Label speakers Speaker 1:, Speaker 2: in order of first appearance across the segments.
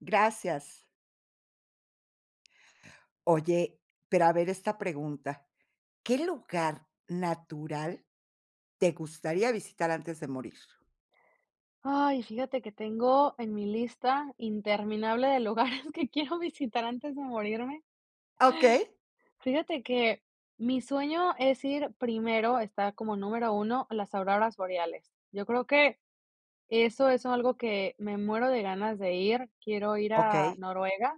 Speaker 1: Gracias. Oye, pero a ver esta pregunta, ¿qué lugar natural te gustaría visitar antes de morir?
Speaker 2: Ay, fíjate que tengo en mi lista interminable de lugares que quiero visitar antes de morirme.
Speaker 1: ¡Okey!
Speaker 2: Fíjate que mi sueño es ir primero, esta como número uno a las auroras boreales. Yo creo que, eso es algo que, me muero de ganas de ir, quiero ir a
Speaker 1: Okey.
Speaker 2: Noruega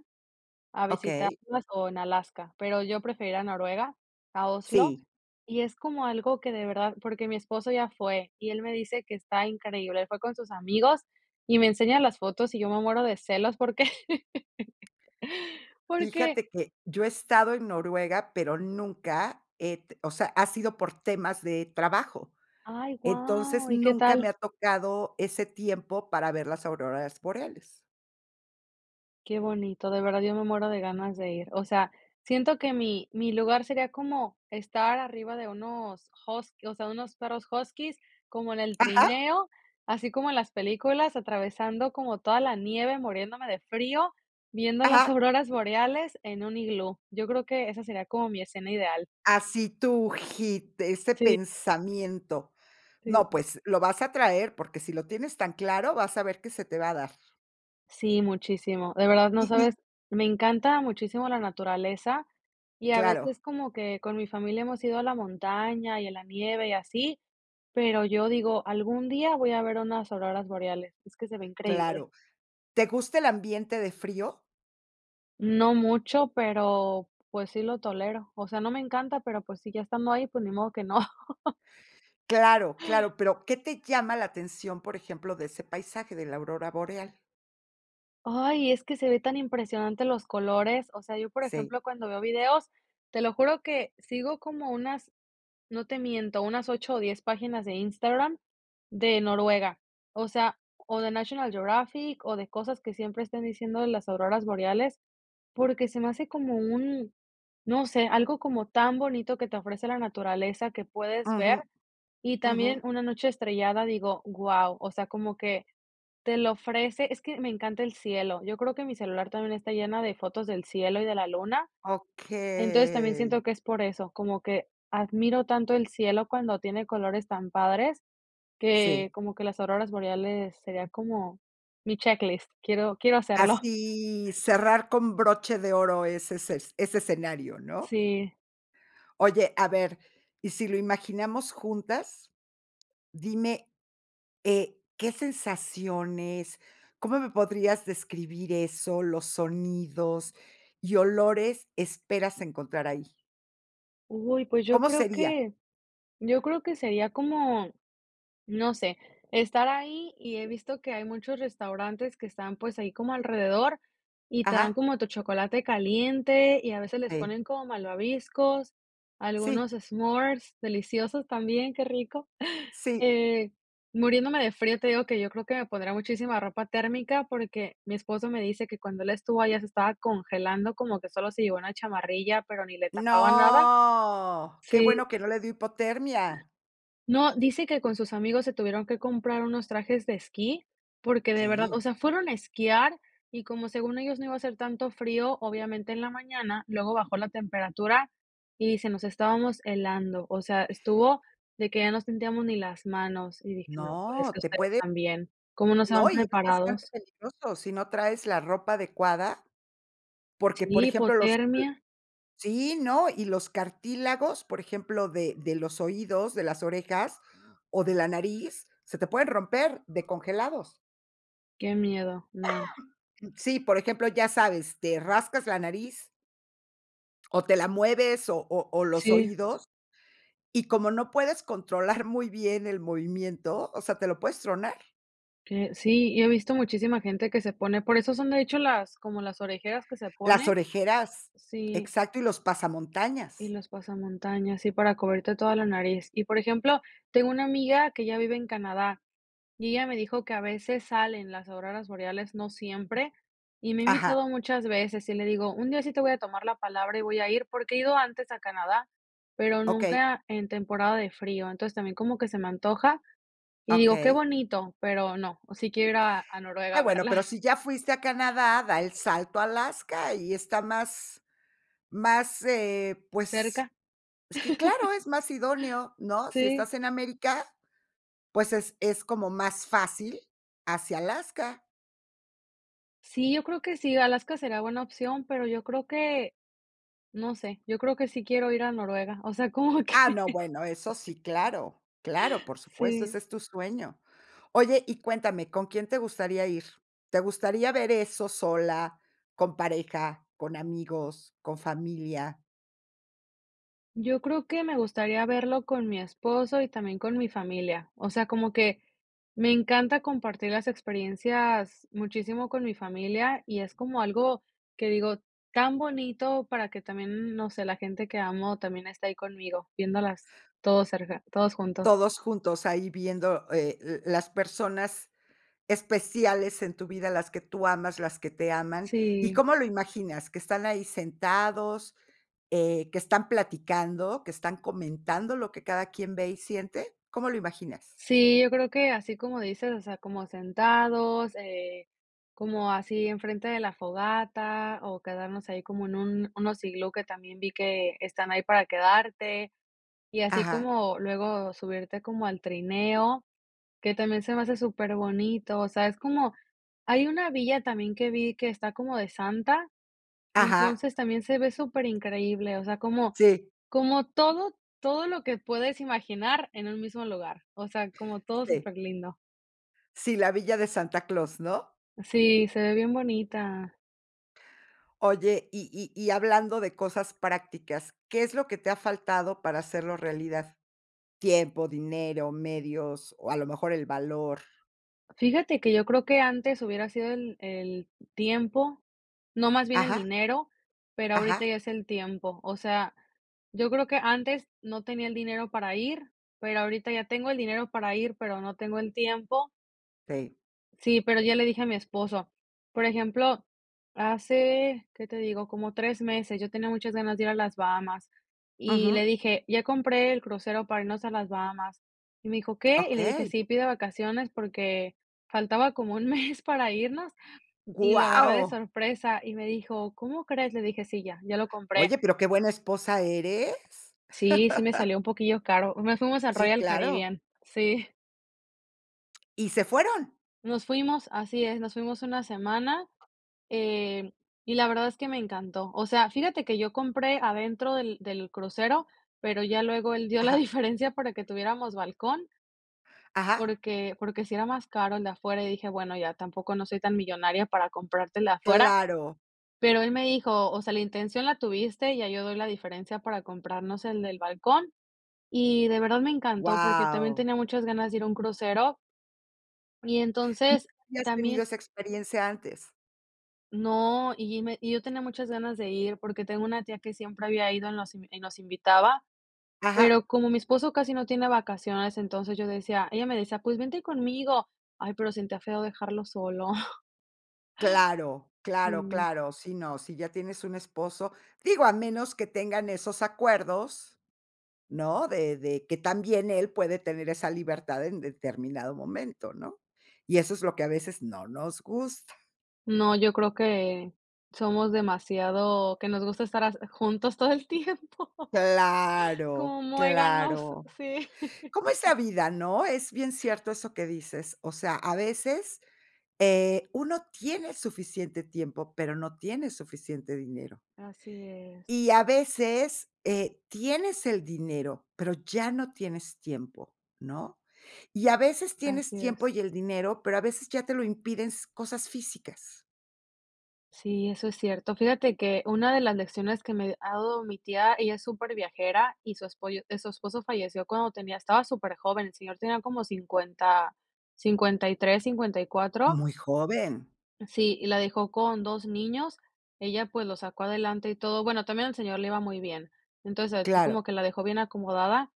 Speaker 2: a
Speaker 1: Okey.
Speaker 2: visitarlas, o en Alaska, pero yo prefiero ir a Noruega, a Oslo.
Speaker 1: Sí.
Speaker 2: Y es como algo que de verdad porque mi esposo ya fue, y él me dice que está increíble, él fue con sus amigos y me enseña las fotos, y yo me muero de celos, porque porque
Speaker 1: Fíjate que yo he estado en Noruega, pero nunca he t o sea, ha sido por temas de trabajo.
Speaker 2: Ay,
Speaker 1: Entonces,
Speaker 2: wao, ¿y qué
Speaker 1: nunca me ha
Speaker 2: tal?
Speaker 1: tocado ese tiempo para ver las auroras boreales.
Speaker 2: Qué bonito, de verdad yo me muero de ganas de ir. O sea, siento que mi mi lugar sería como estar arriba de unos hus o sea, unos perros huskies, como en el
Speaker 1: Ajá.
Speaker 2: trineo, así como en las películas, atravesando como toda la nieve, muriéndome de frío, viendo las
Speaker 1: Ajá.
Speaker 2: auroras boreales en un iglú. Yo creo que esa sería como mi escena ideal.
Speaker 1: Así tú, hit, ese
Speaker 2: Sí.
Speaker 1: pensamiento.
Speaker 2: Sí,
Speaker 1: No,
Speaker 2: sí.
Speaker 1: pues, lo vas a traer, porque si lo tienes tan claro, vas a ver qué se te va a dar.
Speaker 2: Sí, muchísimo. De verdad, no
Speaker 1: Y y
Speaker 2: sabes, me encanta muchísimo la naturaleza, y a
Speaker 1: Claro.
Speaker 2: veces como que, con mi familia hemos ido a la montaña, y a la nieve, y así, pero yo digo: "Algún día voy a ver unas ororas boreales", es que se ve increíble.
Speaker 1: Claro, ¿te gusta el ambiente de frío?
Speaker 2: No mucho, pero, pues, sí lo tolero. O sea, no me encanta, pero, pues, si ya estando ahí, pues, ni modo que no.
Speaker 1: Claro, claro, pero, ¿qué te llama la atención, por ejemplo, de ese paisaje de la aurora boreal?
Speaker 2: ¡Ay! Es que se ve tan impresionante los colores, o sea, yo por
Speaker 1: Sí.
Speaker 2: ejemplo cuando veo videos, te lo juro que sigo como unas, no te miento, unas 8 o 10 páginas de Instagram de Noruega, o sea o de National Geographic o de cosas que siempre estén diciendo de las auroras boreales, porque se me hace como un, no sé, algo como tan bonito que te ofrece la naturaleza, que puedes ver,
Speaker 1: Ujú.
Speaker 2: y también
Speaker 1: Ujú.
Speaker 2: una noche estrellada, digo, guau, o sea, como que te lo ofrece, es que me encanta el cielo, yo creo que mi celular también está lleno de fotos del cielo y de la luna, entonces, también
Speaker 1: Okey.
Speaker 2: siento que es por eso, como que admiro tanto el cielo cuando tiene colores tan padres que
Speaker 1: Sí.
Speaker 2: como que las auroras boreales sería como mi checklist, quiero quiero hacerlo.
Speaker 1: Así, cerrar con broche de oro ese esces ese escenario, ¿no?
Speaker 2: Sí.
Speaker 1: Oye, a ver, ¿y si lo imaginamos juntas? Dime, eh, ¿qué sensaciones? ¿Cómo me podrías describir eso? Los sonidos y olores esperas encontrar ahí.
Speaker 2: Uy, pues yo
Speaker 1: ¿Cómo
Speaker 2: creo
Speaker 1: sería?
Speaker 2: que, yo creo que sería como, no sé, estar ahí y he visto que hay muchos restaurantes que están, pues, ahí como alrededor y te dan
Speaker 1: Ajá.
Speaker 2: como tu chocolate caliente y a veces les
Speaker 1: Te
Speaker 2: ponen como malvaviscos,
Speaker 1: Sí.
Speaker 2: algunos s'mores, deliciosos también, qué rico.
Speaker 1: Sí.
Speaker 2: Eh, muriéndome de frío te digo que, yo creo que me pondré muchísima ropa térmica porque, mi esposo me dice que cuando él estuvo allá se estaba congelando, como que solo se llevó una chamarrilla, pero ni le tapaba nada.
Speaker 1: No, qué
Speaker 2: Sí.
Speaker 1: bueno que no le dio hipotermia.
Speaker 2: No, dice que con sus amigos se tuvieron que comprar unos trajes de esquí, porque de verdad,
Speaker 1: Sí.
Speaker 2: o sea, fueron a esquiar, y como según ellos no iba a hacer tanto frío, obviamente, en la mañana, luego bajó la temperatura, y dice: "Nos estábamos helando". O sea, estuvo de que ya no sentíamos ni las manos, y dije: "No, pues, es
Speaker 1: No,
Speaker 2: que
Speaker 1: te
Speaker 2: ustedes
Speaker 1: puede
Speaker 2: también, ¿cómo no se van
Speaker 1: No, y es bastante
Speaker 2: preparados?"
Speaker 1: peligroso, si no traes la ropa adecuada, porque, por
Speaker 2: Sí,
Speaker 1: ejemplo, los l
Speaker 2: hipotermia.
Speaker 1: sí, ¿no?, y los cartílagos, por ejemplo, de de los oídos, de las orejas, o de la nariz, se te pueden romper de congelados.
Speaker 2: Qué miedo, no.
Speaker 1: Sí, por ejemplo, ya sabes, te rascas la nariz. O te la mueves o o o los
Speaker 2: Sí.
Speaker 1: oídos, y como no puedes controlar muy bien el movimiento, o sea, ¿te lo puedes tronar?
Speaker 2: Que sí, yo he visto muchísima gente que se pone por eso son de hecho, las como las orejeras que se
Speaker 1: Las
Speaker 2: ponen.
Speaker 1: orejeras,
Speaker 2: Sí.
Speaker 1: exacto, y los
Speaker 2: Y
Speaker 1: pasamontañas.
Speaker 2: los pasamontañas, sí para cubrirte toda la nariz. Y por ejemplo, tengo una amiga que ella vive en Canadá, y ella me dijo que a veces salen las auroras boreales, no siempre, y me ha invitado
Speaker 1: Ajá.
Speaker 2: muchas veces, y le digo: "Un día sí te voy a tomar la palabra y voy a ir", porque he ido antes a Canadá, pero
Speaker 1: Okey.
Speaker 2: nunca en temporada de frío. Entonces, también como que se me antoja, y digo: "Qué
Speaker 1: Okey.
Speaker 2: bonito, pero no". Sí quiero ir a a Noruega
Speaker 1: Ah,
Speaker 2: a
Speaker 1: bueno,
Speaker 2: verlas.
Speaker 1: pero si ya fuiste a Canadá, da el salto a Alaska y está más más, eh, pues,
Speaker 2: Cerca.
Speaker 1: es que claro, es más idóneo, ¿no?, si
Speaker 2: Sí.
Speaker 1: estás en América, pues, es es como más fácil hacia Alaska.
Speaker 2: Sí, yo creo que sí, Alaska será buena opción, pero yo creo que, no sé, yo creo que sí quiero ir a Noruega. O sea, como
Speaker 1: Ah,
Speaker 2: que
Speaker 1: no, bueno, eso sí, claro, claro, por supuesto,
Speaker 2: sí.
Speaker 1: ese es tu sueño. Oye, y cuéntame, ¿con quién te gustaría ir? ¿Te gustaría ver eso sola, con pareja, con amigos, con familia?
Speaker 2: Yo creo que me gustaría verlo con mi esposo y también con mi familia, o sea, como que, me encanta compartir las experiencias muchísimo con mi familia, y es como algo que, digo, tan bonito para que también, no sé, la gente que amo también esté ahí conmigo viéndolas todos cerca, todos juntos.
Speaker 1: Todos juntos ahí viendo, eh, l las personas especiales en tu vida, las que tú amas, las que te aman. Y,
Speaker 2: Sí.
Speaker 1: ¿cómo lo imaginas?, ¿qué están ahí sentados?, eh, ¿qué están platicando?, ¿que están comentando lo que cada quien ve y siente? ¿Cómo lo imaginas?
Speaker 2: Sí, yo creo que, así como dices, o sea, como sentados, eh, como así enfrente de la fogata, o quedarnos ahí como en un unos iglú que también vi que están ahí para quedarte. Y así
Speaker 1: Ajá.
Speaker 2: como luego subirte como al trineo, que también se me hace súper bonito, o sea, es como hay una villa también que vi que está como de Santa,
Speaker 1: Ajá.
Speaker 2: entonces también se ve súper increíble, o sea, como
Speaker 1: Sí.
Speaker 2: como todo todo lo que puedes imaginar en un mismo lugar, o sea, como todo
Speaker 1: Sí.
Speaker 2: súper lindo.
Speaker 1: Sí, la Villa de Santa Claus, ¿no?
Speaker 2: Sí, se ve bien bonita.
Speaker 1: Oye, y y y hablando de cosas prácticas, ¿qué es lo que te ha faltado para hacerlo realidad? ¿Tiempo, dinero, medios, o, a lo mejor, el valor?
Speaker 2: Fíjate que yo creo que antes hubiera sido el el tiempo, no más bien el
Speaker 1: Ajá.
Speaker 2: dinero, pero ahorita
Speaker 1: Ajá.
Speaker 2: ya es el tiempo, o sea, yo creo que antes no tenía el dinero para ir, pero ahorita ya tengo el dinero para ir, pero no tengo el tiempo.
Speaker 1: Sí.
Speaker 2: Sí, pero ya le dije a mi esposo. Por ejemplo, hace, ¿qué te digo? Como 3 meses, yo tenía muchas ganas de ir a las Bahamas, y
Speaker 1: Ujú.
Speaker 2: le dije: "Ya compré el crucero para irnos a las Bahamas". Y me dijo: "¿Qué?" Y le dije:
Speaker 1: Okey.
Speaker 2: "Sí, pide vacaciones", porque faltaba como 1 mes para irnos, y lo agarré de
Speaker 1: ¡Guau!
Speaker 2: sorpresa, y me dijo: "¿Cómo crees?" Le dije: "Sí, ya, ya lo compré".
Speaker 1: Oye, pero qué buena esposa eres.
Speaker 2: Sí, sí me salió un poquillo caro. Nos fuimos al
Speaker 1: Sí,
Speaker 2: Royal
Speaker 1: claro.
Speaker 2: Caribbean. Sí.
Speaker 1: ¿Y se fueron?
Speaker 2: Nos fuimos, así es, nos fuimos 1 semana, em, y la verdad es que me encantó. O sea, fíjate que yo compré adentro del del crucero, pero ya luego él dio la
Speaker 1: Ajá.
Speaker 2: diferencia para que tuviéramos balcón.
Speaker 1: Ajá.
Speaker 2: Porque porque sí era más caro el de afuera, y dije: "Bueno, ya tampoco no soy tan millonaria, para comprarte el de afuera",
Speaker 1: Claro.
Speaker 2: pero él me dijo: "O sea, la intención la tuviste, ya yo doy la diferencia para comprarnos el del balcón", y de verdad me encantó, porque también
Speaker 1: ¡Guau!
Speaker 2: tenía muchas ganas de ir a un crucero. Y,
Speaker 1: M
Speaker 2: entonces,
Speaker 1: ¿Ya has tenido
Speaker 2: también
Speaker 1: esa experiencia antes?
Speaker 2: No, y y me y yo tenía muchas ganas de ir, porque tengo una tía que siempre había ido, nos in y nos invitaba.
Speaker 1: Ajá.
Speaker 2: Pero como mi esposo casi no tiene vacaciones, entonces yo decía ella me decía: "Pues, vente conmigo". Ay, pero siente feo dejarlo solo.
Speaker 1: Claro, claro,
Speaker 2: Sí.
Speaker 1: claro. Sí, no. Si ya tienes un esposo, digo, a menos que tengan esos acuerdos, ¿no?, de de que también él puede tener esa libertad en determinado momento, ¿no?, y eso es lo que a veces no nos gusta.
Speaker 2: No, yo creo que somos demasiado, que nos gusta estar as juntos todo el tiempo, como
Speaker 1: Claro,
Speaker 2: muéganos,
Speaker 1: claro.
Speaker 2: sí.
Speaker 1: ¿Cómo es la vida, no? Es bien cierto eso que dices, o sea, a veces, eh, uno tiene suficiente tiempo, pero no tiene suficiente dinero.
Speaker 2: Así es.
Speaker 1: Y a veces, eh, tienes el dinero, pero ya no tienes tiempo, ¿no? Y a veces tienes
Speaker 2: Así
Speaker 1: tiempo
Speaker 2: es.
Speaker 1: y el dinero, pero a veces ya te lo impiden s cosas físicas.
Speaker 2: Sí, eso es cierto, fíjate que una de las lecciones que me ha dado mi tía, ella es súper viajera y su esposo y su esposo falleció cuando tenía estaba súper joven, el señor tenía como 50, 53, 54.
Speaker 1: Muy joven.
Speaker 2: Sí, y la dejó con 2 niños, ella, pues, los sacó adelante y todo, bueno, también al señor le iba muy bien. Entonces, así como
Speaker 1: Claro.
Speaker 2: que la dejó bien acomodada,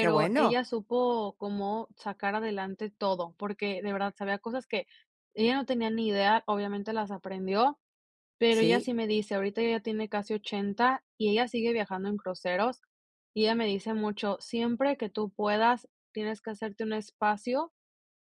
Speaker 1: Qué bueno.
Speaker 2: ella supo cómo sacar adelante todo, porque de verdad sabía cosas que ella no tenía ni idea, obviamente las aprendió, pero ella
Speaker 1: ¿Sí?
Speaker 2: sí me dice. Ahorita ella tiene casi 80, y ella sigue viajando en cruceros, y ella me dice mucho: "Siempre que tú puedas tienes que hacerte un espacio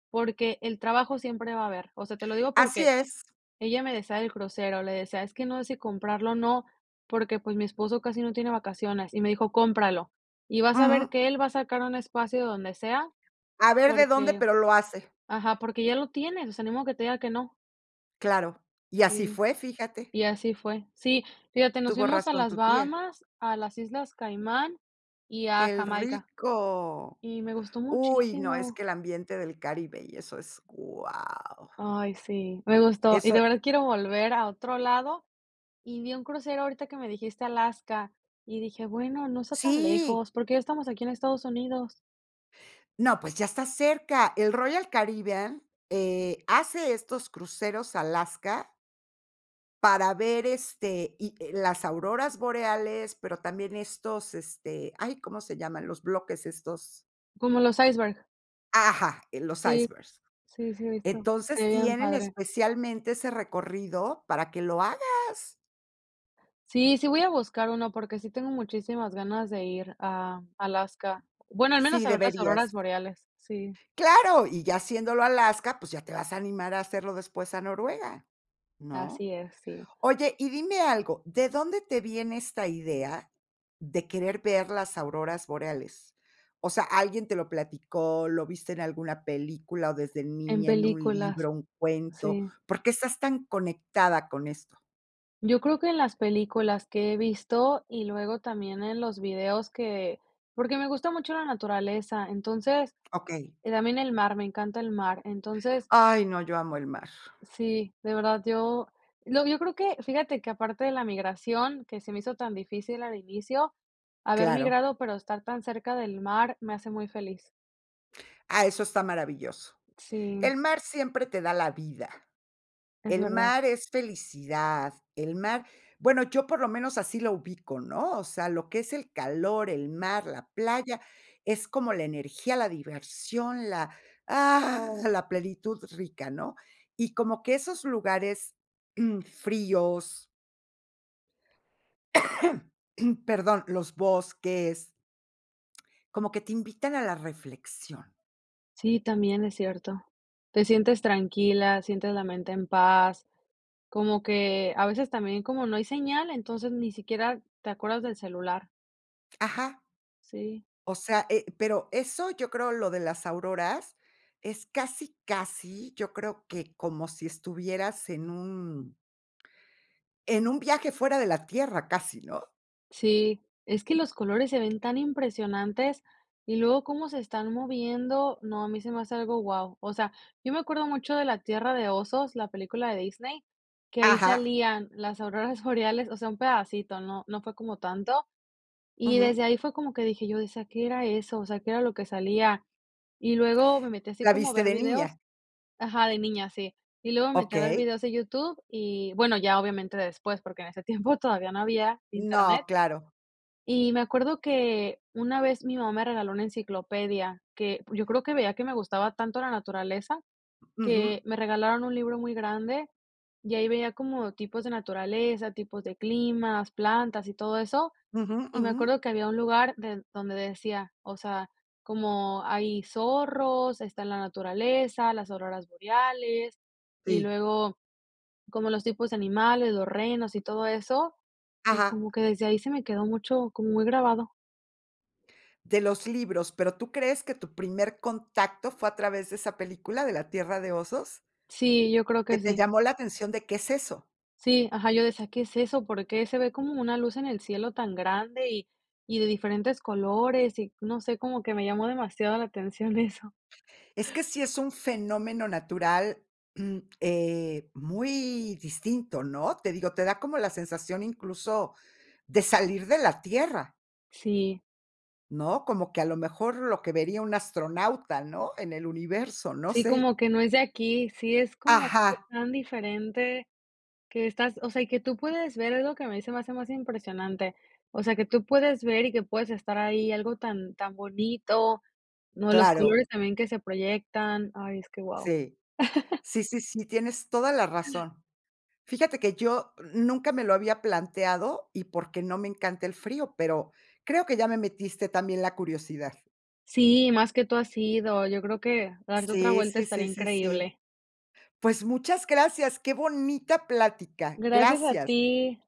Speaker 2: porque el trabajo siempre va a haber", o sea, te lo digo
Speaker 1: Así
Speaker 2: porque
Speaker 1: es.
Speaker 2: ella me decía del crucero, le decía: "Es que no sé si comprarlo, o, no, porque, pues, mi esposo casi no tiene vacaciones", y me dijo: "Cómpralo, y vas a ver
Speaker 1: Ujú.
Speaker 2: que él va a sacar un espacio de donde sea,
Speaker 1: A ver de dónde,
Speaker 2: porque",
Speaker 1: pero lo hace.
Speaker 2: ajá, "Porque ya lo tienes, o sea, ni modo que te diga que no".
Speaker 1: Claro, y así
Speaker 2: Sí,
Speaker 1: fue, fíjate.
Speaker 2: y así fue. Sí, fíjate, nos
Speaker 1: Tuvo
Speaker 2: fuimos a
Speaker 1: razón
Speaker 2: las
Speaker 1: tu tía.
Speaker 2: Bahamas, a las Islas Caimán y a
Speaker 1: ¡Qué
Speaker 2: Jamaica.
Speaker 1: rico!
Speaker 2: Y me gustó
Speaker 1: Uy, no, es
Speaker 2: muchísimo.
Speaker 1: que el ambiente del Caribe y eso, es wao.
Speaker 2: Ay, sí, me gustó, y
Speaker 1: Eso.
Speaker 2: de verdad quiero volver a otro lado, y vi un crucero ahorita que me dijiste Alaska y dije: "Bueno, no está tan
Speaker 1: Sí.
Speaker 2: lejos, porque ya estamos aquí en Estados Unidos".
Speaker 1: No, pues, ya estás cerca, el Royal Caribbean, eh, hace estos cruceros a Alaska para ver, este, y, eh, las auroras boreales, pero también estos, este, ay, ¿cómo se llaman?, los bloques estos
Speaker 2: Como los iceberg.
Speaker 1: Ajá, eh, los
Speaker 2: Sí,
Speaker 1: icebergs,
Speaker 2: sí, sí, he visto, se
Speaker 1: entonces,
Speaker 2: ve bien
Speaker 1: tienen
Speaker 2: padre.
Speaker 1: especialmente ese recorrido para que lo hagas.
Speaker 2: Sí, sí voy a buscar uno porque sí tengo muchísimas ganas de ir a Alaska, bueno, al menos
Speaker 1: Sí,
Speaker 2: a ver las auroras
Speaker 1: deberías.
Speaker 2: boreales, sí.
Speaker 1: Claro, y ya haciéndolo a Alaska, pues, ya te vas a animar a hacerlo después a Noruega, ¿no?
Speaker 2: Así es, sí.
Speaker 1: Oye, y dime algo, ¿de dónde te viene esta idea de querer ver las auroras boreales?, o sea, ¿alguien te lo platicó, lo viste en alguna película, o desde
Speaker 2: En
Speaker 1: niña, en un
Speaker 2: películas,
Speaker 1: libro, un cuento?
Speaker 2: sí.
Speaker 1: ¿Por qué estás tan conectada con esto?
Speaker 2: Yo creo que en las películas que he visto, y luego también en los videos que porque me gusta mucho la naturaleza. Entonces,
Speaker 1: Okey.
Speaker 2: también el mar, me encanta el mar, entonces
Speaker 1: Ay, no, yo amo el mar.
Speaker 2: Sí, de verdad yo lo yo creo que fíjate que, aparte de la migración que se me hizo tan difícil al inicio, haber
Speaker 1: Claro.
Speaker 2: migrado, pero estar tan cerca del mar me hace muy feliz.
Speaker 1: Ah, eso está maravilloso,
Speaker 2: Sí.
Speaker 1: el mar siempre te da la vida,
Speaker 2: Es
Speaker 1: el
Speaker 2: verdad.
Speaker 1: mar es felicidad, el mar, bueno, yo por lo menos así lo ubico, ¿no?, o sea, lo que es el calor, el mar, la playa, es como la energía, la diversión, la, la plenitud rica, ¿no?, y como que esos lugares, mm, fríos. Perdón, los bosques como que te invitan a la reflexión.
Speaker 2: Sí, también es cierto, te sientes tranquila, sientes la mente en paz, como que a veces también como no hay señal, entonces ni siquiera te acuerdas del celular.
Speaker 1: Ajá.
Speaker 2: Sí.
Speaker 1: O sea, eh, pero eso, yo creo, lo de las auroras, es casi casi, yo creo que como si estuvieras en un en un viaje fuera de la tierra casi, ¿no?
Speaker 2: Sí, es que los colores se ven tan impresionantes y luego cómo se están moviendo, no, a mí se me hace algo, guau, o sea, yo me acuerdo mucho de La Tierra de Osos, la película de Disney, que ahí
Speaker 1: Ajá.
Speaker 2: salían las auroras boreales, o sea, un pedacito, no no fue como tanto, y
Speaker 1: Ujú.
Speaker 2: desde ahí fue como que dije yo, decía: "¿Qué era eso?", o sea, qué era lo que salía, y luego me metí así
Speaker 1: ¿La
Speaker 2: como a
Speaker 1: viste
Speaker 2: ver
Speaker 1: de
Speaker 2: videos
Speaker 1: niña?
Speaker 2: ajá, de niña, sí, y luego me metí a ver
Speaker 1: Okey.
Speaker 2: videos de YouTube y bueno, ya obviamente después, porque en ese tiempo todavía no había Internet.
Speaker 1: No, claro.
Speaker 2: Y me acuerdo que una vez mi mamá me regaló una enciclopedia, que, yo creo que veía que me gustaba tanto la naturaleza,
Speaker 1: Ujú.
Speaker 2: que me regalaron un libro muy grande y ahí veía como tipos de naturaleza, tipos de climas, plantas y todo eso,
Speaker 1: Ujú,
Speaker 2: y me
Speaker 1: ujú.
Speaker 2: acuerdo que había un lugar den donde decía, o sea, como hay zorros, está en la naturaleza, las auroras boreales, y
Speaker 1: Sí.
Speaker 2: luego como los tipos de animales, los renos y todo eso, y
Speaker 1: Ajá.
Speaker 2: como que desde ahí se me quedó mucho, como muy grabado.
Speaker 1: De los libros, pero ¿tú crees que tu primer contacto fue a través de esa película de la Tierra de osos?
Speaker 2: Sí, yo creo
Speaker 1: Que
Speaker 2: que
Speaker 1: te
Speaker 2: sí.
Speaker 1: llamó la atención de qué es eso.
Speaker 2: Sí, ajá, yo decía: "¿Qué es eso? ¿Por qué se ve como una luz en el cielo tan grande y y de diferentes colores?", y no sé, como que me llamó demasiado la atención eso.
Speaker 1: Es que sí es un fenómeno natural, mm, eh, muy distinto, ¿no?, te digo, te da como la sensación incluso de salir de la tierra.
Speaker 2: Sí.
Speaker 1: ¿No?, como que a lo mejor lo que vería un astronauta, ¿no?, en el universo, no
Speaker 2: Sí,
Speaker 1: sé.
Speaker 2: como que no es de aquí, sí, es como
Speaker 1: Ajá.
Speaker 2: tan diferente que estás, o sea, y que tú puedes ver, es lo que a mí se me hace más impresionante, o sea, que tú puedes ver y que puedes estar ahí, algo tan tan bonito, no, los
Speaker 1: Claro.
Speaker 2: colores también que se proyectan, ay es que wao.
Speaker 1: Sí. Sí, sí, sí, tienes toda la razón, fíjate que yo nunca me lo había planteado y porque no me encanta el frío, pero creo que ya me metiste también la curiosidad.
Speaker 2: Sí, más que tú has ido, yo creo que, darte otra
Speaker 1: Sí,
Speaker 2: vuelta
Speaker 1: sí,
Speaker 2: estaría
Speaker 1: sí, sí, sí,
Speaker 2: increíble.
Speaker 1: pues muchas gracias, qué bonita plática,
Speaker 2: Gracias a
Speaker 1: gracias.
Speaker 2: ti.